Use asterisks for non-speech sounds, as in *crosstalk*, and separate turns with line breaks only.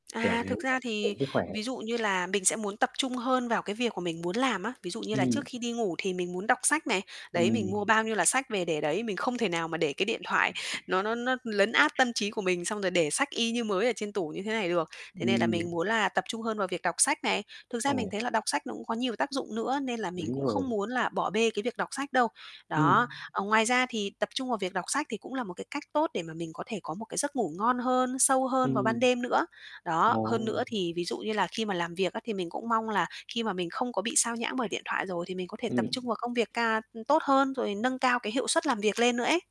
Kiểu
À,
thế
thực ra thì,
*unintelligible* sức khỏe.
ví dụ như là mình sẽ muốn tập trung hơn vào cái việc mà mình muốn làm á. Ví dụ như là
Ừm.
trước khi đi ngủ thì mình muốn đọc sách này, đấy, mình
Ừm.
mua bao nhiêu là sách về để đấy, mình không thể nào mà để cái điện thoại nó nó nó lấn át tâm trí của mình, xong rồi để sách y như mới ở trên tủ như thế này được. Thế nên là
Ừm.
mình muốn là tập trung hơn vào việc đọc sách này. Thực ra mình
Ồ.
thấy là đọc sách nó cũng có nhiều tác dụng nữa, nên là mình
Đúng
cũng
rồi.
không muốn là bỏ bê cái việc đọc sách đâu,
Ừm.
đó. Ờ, ngoài ra thì tập trung vào việc đọc sách thì cũng là một, cái, cách tốt để mà mình có thể có một, cái, giấc ngủ ngon hơn, sâu hơn vào ban
Ừm.
đêm nữa. Đó, hơn nữa
Ồ!
thì, ví dụ như là khi mà làm việc á thì mình cũng mong là khi mà mình không có bị xao nhãng bởi điện thoại rồi thì mình có thể tập
Ừm.
trung vào công việc ca ưm, tốt hơn rồi nâng cao cái hiệu suất làm việc lên nữa ấy.